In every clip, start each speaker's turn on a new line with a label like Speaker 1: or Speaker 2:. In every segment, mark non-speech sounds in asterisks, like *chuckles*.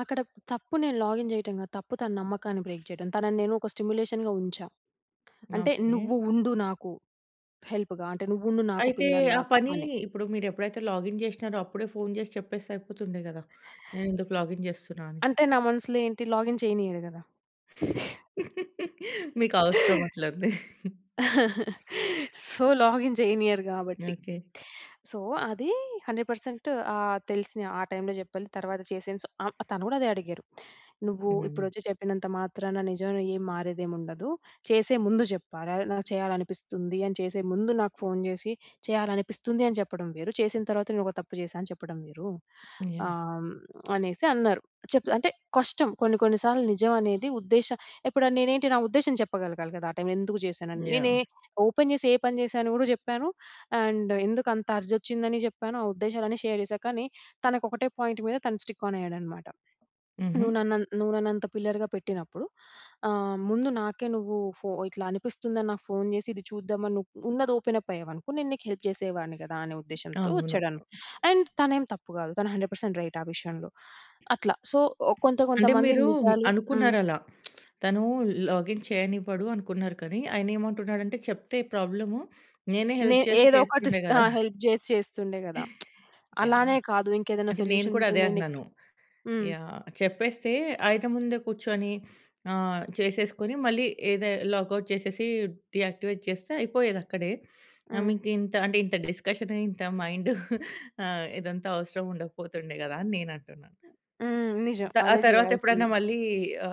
Speaker 1: అక్కడ తప్పు నేను లాగిన్ జేయటం గాదు. తప్పు తన నమ్మకాన్ని బ్రేక్ జేయటం. తనని నేను ఒక స్టిమ్యులేషన్‌గా ఉంచా, అంటే
Speaker 2: ఓకే.
Speaker 1: నువ్వు ఉండు నాకు, హెల్ప్‌గా అంటే నువ్వు ఉండు నాకు
Speaker 2: అయితే, ఆ
Speaker 1: పిల్లర్‌లాగా
Speaker 2: పని
Speaker 1: అని.
Speaker 2: ఇప్పుడు మీరెప్పుడైతే లాగిన్ జేసినారో, అప్పుడే ఫోను జేసి చెప్పేస్తే అయిపోతుంది గదా! నేనెందుకు లాగిన్ చేస్తున్నా అని.
Speaker 1: అంటే నా మనసులో ఏంటి లాగిన్ చేయనీయడు గదా!
Speaker 2: *giggles* మీకవసరం అట్లుంది.
Speaker 1: *giggles* సో, లాగిన్ జేయనియరు గాబట్టి.
Speaker 2: ఓకే.
Speaker 1: సో, అది 100% ఆహ్, తెలిసిన ఆ టైములో జెప్పలే తర్వాత చేసేను స ఆహ్, తను గూడా అదే అడిగారు. "నువ్వు
Speaker 2: హ్మ్.
Speaker 1: ఇప్పుడొచ్చి చెప్పినంత మాత్రాన నిజంలో ఏం మారేదేం ఉండదు. చేసే ముందు జెప్పాల నాకు చేయాలనిపిస్తుంది అని చేసే ముందు నాకు ఫోను జేసి చేయాలనిపిస్తుంది అని జేప్పడం వేరు, చేసిన తర్వాత నేను ఒక తప్పు జేశా అని చెప్పడం వేరు."
Speaker 2: యాహ్!
Speaker 1: ఆహ్, అనేసి అన్నారు. చెప్తా అంటే కష్టం, కొన్ని కొన్ని సార్లు నిజం అనేది ఉద్దేశ ఇప్పుడు నేనేంటి, నా ఉద్దేశం చెప్పగలగాలి కదా, ఆ టైము ఎందుకు జేశానని. నేనే
Speaker 2: యాహ్!
Speaker 1: ఓపెన్ జేసి ఏ పని జేశానో కూడా చెప్పాను. అండ్ ఎందుకంత అర్జ్ ఒచ్చిందని జెప్పాను. ఆ ఉద్దేశాలన్నీ షేర్ చేశా. కానీ, తనకొకటే పాయింట్ మీద తను స్టిక్ ఆన్ అయ్యాడన్నమాట.
Speaker 2: హుహు.
Speaker 1: "నువ్వు నన్ను నువ్వు నన్నంత పిల్లర్‌గా పెట్టినప్పుడు ఆహ్, ముందు నాకే నువ్వు ఫో ఇట్లా అనిపిస్తుందని నాకు ఫోన్ జేసి చూద్దాం అని నువ్వు ఉన్నది ఓపెన్ అప్ అయ్యావనుకో నేను నీకు హెల్ప్ చేసేవాడిని కదా!" అనే ఉద్దేశంతో
Speaker 2: అవును.
Speaker 1: వచ్చాడు. అండ్ తనేం తప్పు కాదు, తను 100% రైట్ ఆ విషయంలో. అట్లా సో, కొంత కొంత
Speaker 2: అంటే
Speaker 1: మంది
Speaker 2: మీరు
Speaker 1: నిజాలు హ్మ్.
Speaker 2: అనుకున్నారలా *smacks lips* తను లాగిన్ చేయనివ్వడు అనుకున్నారు కానీ, ఆయనేమంటున్నాడంటే చెప్తే ప్రాబ్లము నేనే హెల్ప్
Speaker 1: నేను
Speaker 2: చేసి
Speaker 1: ఏదో ఒకటి
Speaker 2: చేస్తుండే *chuckles*
Speaker 1: ఆ!
Speaker 2: గదా!
Speaker 1: హెల్ప్ జేసి చేస్తుండే గదా! *smacks lips*
Speaker 2: యాహ్!
Speaker 1: అలానే కాదు, ఇంకేదైనా
Speaker 2: అంటే నేను
Speaker 1: సొల్యూషన్
Speaker 2: కూడా
Speaker 1: ఉంటే
Speaker 2: అదే
Speaker 1: నేను నీకు
Speaker 2: అంటన్నాను.
Speaker 1: హ్మ్.
Speaker 2: యాహ్! చెప్పేస్తే ఆయన ముందే కూర్చొని, ఆహ్, చేసేసుకొని మళ్ళీ ఏదే లాగౌట్ చేసేసి, డీయాక్టివేట్ చేస్తే అయిపోయేదక్కడే. ఆహ్,
Speaker 1: హ్మ్.
Speaker 2: మీకింత అంటే ఇంత డిస్కషన్ ఇంత *chuckles* మైండు ఆహ్, ఇదంతా అవసరం ఉండకపోతుండే గదా! అని నేనంటున్నా.
Speaker 1: హ్మ్.
Speaker 2: హ్మ్.
Speaker 1: నిజం.
Speaker 2: త ఆ
Speaker 1: అదే,
Speaker 2: తరువాతెప్పుడన్నా
Speaker 1: జేయాల్సింది.
Speaker 2: మళ్ళీ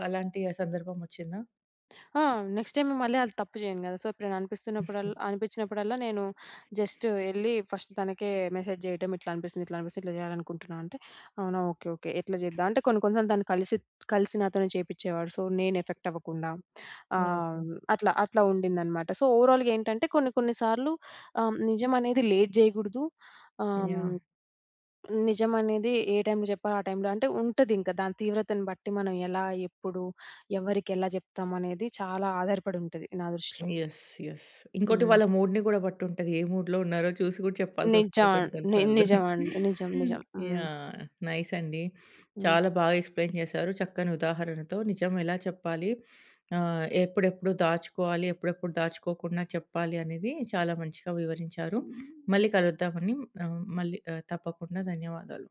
Speaker 2: అలాంటి ఆ సందర్భం ఒచ్చిందా?
Speaker 1: ఆ! నెక్స్ట్ టైమ్ మళ్ళీ అది తప్పు జేయను గదా! సో, ఎప్పుడైనా అనిపిస్తున్నప్పుడల్లా,
Speaker 2: *chuckles*
Speaker 1: అనిపించినప్పుడల్లా నేను జస్ట్ ఎళ్లి ఫస్ట్ తనకే మెసేజ్ జేయటం ఇట్లా అనిపిస్తుంది, ఇట్లా అనిపిస్తుంది, ఇట్లా జేయాలనుకుంటున్నా అంటే, "అవునా! ఓకే. ఓకే. ఎట్లా జేద్దాం?" అంటే కొన్ని కొన్ని సార్లు తను కలిసి, కలిసి నాతోనే చేపించేవాడు. సో, నేను ఎఫెక్ట్ అవ్వకుండా. ఆహ్,
Speaker 2: ఓకే.
Speaker 1: అట్లా, అట్లా ఉండిందన్నమాట. సో, ఓవరాల్‌గా ఏంటంటే, కొన్ని కొన్ని సార్లు ఆహ్, నిజమనేది లేట్ జేయకూడదు. ఆహ్,
Speaker 2: యాహ్!
Speaker 1: నిజమనేది ఏ టైములో జెప్పాలో ఆ టైములో అంటే, ఉంటదింక దాని తీవ్రతను బట్టి మనం ఎలా, ఎప్పుడు, ఎవరికి ఎలా జెప్తామనేది, చాలా ఆధారపడి ఉంటది నా దృష్టిలో.
Speaker 2: యెస్. యెస్. ఇంకోటి
Speaker 1: హ్మ్.
Speaker 2: వాళ్ళ మూడ్‌ని గూడా బట్టుంటది. ఏ మూడ్‌లో ఉన్నారో చూసి గూడా చెప్పాల్సొస్తది
Speaker 1: నిజం
Speaker 2: కొన్ని
Speaker 1: అండ్
Speaker 2: కొన్ని
Speaker 1: ని
Speaker 2: సార్లు.
Speaker 1: నిజం అండి. నిజం. నిజం.
Speaker 2: *chuckles*
Speaker 1: హ్మ్.
Speaker 2: యాహ్! నైస్ అండి.
Speaker 1: హ్మ్.
Speaker 2: చాలా బాగా ఎక్స్‌ప్లెయిన్ చేశారు. చక్కని ఉదాహరణతో. నిజం ఎలా చెప్పాలి. ఆహ్, ఎప్పుడెప్పుడు దాచుకోవాలి, ఎప్పుడెప్పుడు దాచుకోకుండా చెప్పాలి అనేది, చాలా మంచిగా వివరించారు. మళ్ళీ కలుద్దామండి. మళ్ళీ ఆహ్, తప్పకుండా ధన్యవాదాలు.